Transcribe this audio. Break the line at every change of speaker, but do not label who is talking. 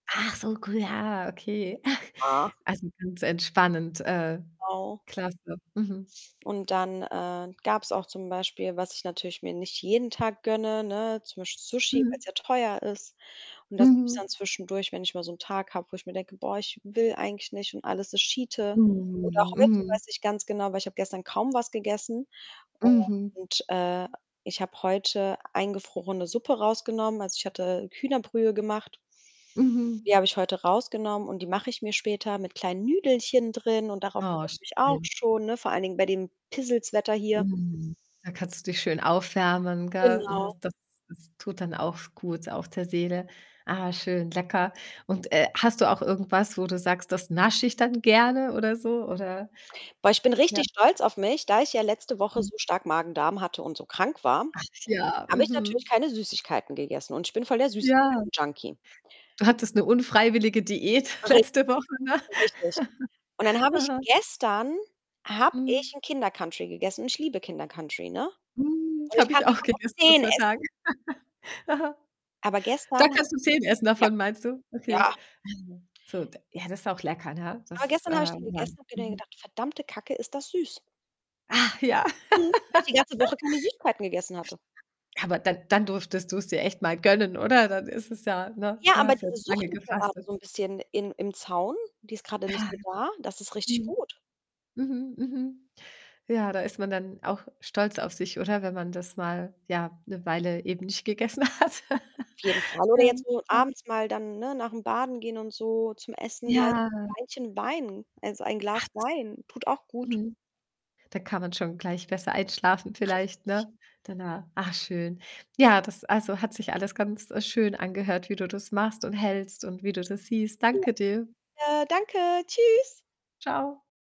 Ach so, gu ja, okay. Ach,
Ach.
also ganz entspannend, äh,
Genau.
klasse. Mhm.
Und dann, äh, gab's auch zum Beispiel, was ich natürlich mir nicht jeden Tag gönne, ne, zum Beispiel Sushi,
Mhm.
weil's ja teuer ist und das gibt's dann
Mhm.
zwischendurch, wenn ich mal so ’n Tag habe, wo ich mir denke: „Boah, ich will eigentlich nicht und alles ist Schiete.“ Oder
Mhm,
heute,
mhm.
weiß ich ganz genau, weil ich habe gestern kaum was gegessen,
Mhm.
und, äh, ich habe heute eingefrorene Suppe rausgenommen, also, ich hatte Hühnerbrühe gemacht
Mhm.
die habe ich heute rausgenommen und die mache ich mir später mit kleinen Nüdelchen drin und darauf freue
Oh,
ich mich auch
schön.
schon, ne, vor allen Dingen bei dem Pissels-Wetter hier.
Mhm. Da kannst du dich schön aufwärmen, gell?
Genau.
[unintelligible] das ist tut dann auch s gut auch der Seele. Ah, schön, lecker, und, äh, hast du auch irgendwas, wo du sagst: „Das nasche ich dann gerne“, oder so? Oder
Boah, ich bin
ja?
richtig stolz auf mich. Da ich ja letzte Woche
Mhm.
so stark Magen-Darm hatte und so krank war,
Ach ja,
habe ich natürlich
mhm.
keine Süßigkeiten gegessen und ich bin voll der
Ja.
Süßigkeiten Junkie.
Du hattest 'ne unfreiwillige Diät
Ri
letzte Woche.
richtig. Und dann habe ich
Aha.
gestern habe
Mhm.
ich 'n Kinder Country gegessen und ich liebe Kinder Country, ne?
Mm,
Und ich
habe
kann
ich auch
davon auch
gegessen, vor
10
2 Tagen.
essen.
Aha.
Aber
Da
gestern habe
kannst du 10 essen
ja.
davon, meinst du?
Ja.
Okay. Also, so d ja, das ist auch lecker, ne?
Aber
Dass,
gestern habe ich den
ähm ja,
gegessen habe mir denn
mhm.
gedacht: „Verdammte Kacke, ist das süß.“
Ach ja.
Mhm, weil ich die ganze Woche keine Süßigkeiten gegessen hatte.
Aber dann dann durftest du's dir echt mal gönnen, oder? Dann ist es ja ne?
Ja,
Du
aber
hast ja
diese
jetzt
Sucht
lange
ist gerade
gefastet.
so 'n bisschen in im Zaun, die ist grade nicht
Ja.
so da. Das ist richtig
Mhm.
gut.
Mhm, mhm. Ja, da ist man dann auch stolz auf sich, oder? Wenn man das mal, ja, 'ne Weile eben nicht gegessen hat.
Auf jeden Fall oder
Ja,
jetzt nur
klar.
abends mal dann, ne, nach'm Baden gehen und so zum Essen gleich
Ja.
[unintelligible] Weinchen Wein. Also, ein Glas
[unintelligible]
Wein tut auch gut.
.Mhm. Da kann man schon gleich besser einschlafen vielleicht,
Richtig.
ne, danach. Ah, schön. Ja, das also, hat sich alles ganz, äh, schön angehört, wie du das machst und hältst und wie du das siehst.
Ja,
Danke dir.
gerne, danke. Tschüss.
Tschau.